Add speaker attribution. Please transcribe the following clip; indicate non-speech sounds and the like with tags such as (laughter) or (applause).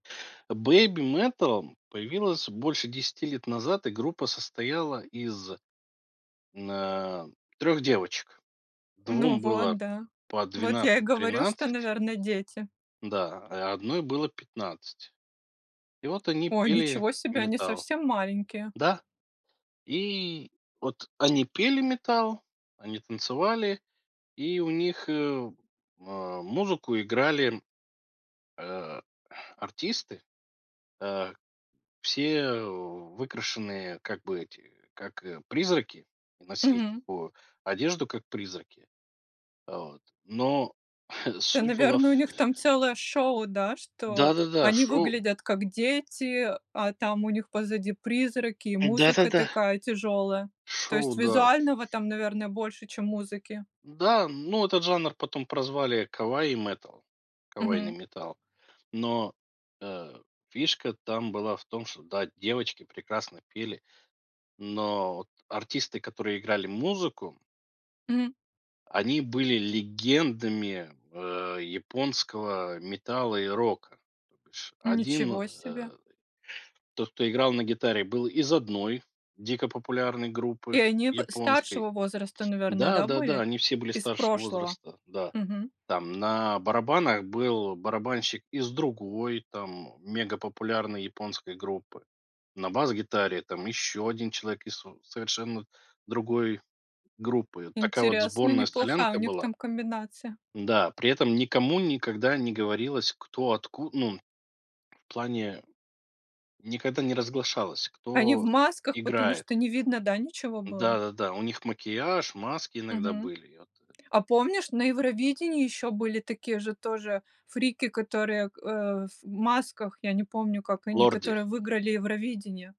Speaker 1: Э, BabyMetal появилась больше 10 лет назад, и группа состояла из н э, 3 девочек:
Speaker 2: Ну
Speaker 1: 2
Speaker 2: вот,
Speaker 1: было
Speaker 2: да.
Speaker 1: по
Speaker 2: Вот я и
Speaker 1: 12,
Speaker 2: говорю, что,
Speaker 1: 13
Speaker 2: наверное, дети.
Speaker 1: Да, а и 1 было 15, и вот они
Speaker 2: Ой,
Speaker 1: пели
Speaker 2: ничего себе, они
Speaker 1: металл.
Speaker 2: совсем маленькие.
Speaker 1: Да! И вот они пели металл, они танцевали, и у них, э, музыку играли, э, артисты, э, все, э, выкрашенные как бы эти, как, э, призраки, носили
Speaker 2: Мгм.
Speaker 1: такую одежду, как призраки, вот, но (chuckles)
Speaker 2: Да,
Speaker 1: суть была
Speaker 2: наверное, у
Speaker 1: фь
Speaker 2: них там целое шоу, да, что
Speaker 1: Да-да-да!
Speaker 2: они
Speaker 1: Шоу!
Speaker 2: выглядят как дети, а там у них позади призраки и музыка
Speaker 1: Да-да-да.
Speaker 2: такая тяжелая. То
Speaker 1: Шоу,
Speaker 2: есть
Speaker 1: да.
Speaker 2: визуального там, наверное, больше, чем музыки.
Speaker 1: Да, ну, этот жанр потом прозвали кавай-метал, кавайный
Speaker 2: Мгм.
Speaker 1: металл, но, э, фишка там была в том, что да, девочки прекрасно пели, но вот артисты, которые играли музыку
Speaker 2: Мгм.
Speaker 1: они были легендами, э, японского, э, метала и рока, то бишь 1,
Speaker 2: Ничего себе.
Speaker 1: э, тот, кто играл на гитаре, был из 1 дико популярной группы
Speaker 2: И они в
Speaker 1: японской.
Speaker 2: старшего возраста, наверное, да,
Speaker 1: Да-да-да,
Speaker 2: были
Speaker 1: они все были
Speaker 2: из
Speaker 1: старшего
Speaker 2: прошлого.
Speaker 1: возраста, да,
Speaker 2: Мгм.
Speaker 1: там на барабанах был барабанщик из другой, там, мегапопулярной японской группы, на бас-гитаре там еще 1 человек из сов совершенно другой группы, такая вот
Speaker 2: Интересно,
Speaker 1: сборная
Speaker 2: неплохая у
Speaker 1: солянка
Speaker 2: них
Speaker 1: была.
Speaker 2: там комбинация.
Speaker 1: Да, при этом никому никогда не говорилось, кто отку ну, в плане никогда не разглашалось,
Speaker 2: Они в
Speaker 1: кто
Speaker 2: масках, потому
Speaker 1: играет.
Speaker 2: что не видно, да, ничего было?
Speaker 1: Да-да-да, у них макияж, маски иногда
Speaker 2: Мгм.
Speaker 1: были, я тэ
Speaker 2: А помнишь, на Евровидении ещё были такие же тоже фрики, которые г э, в масках, я не помню, как они,
Speaker 1: "Лорди".
Speaker 2: которые выиграли Евровидение.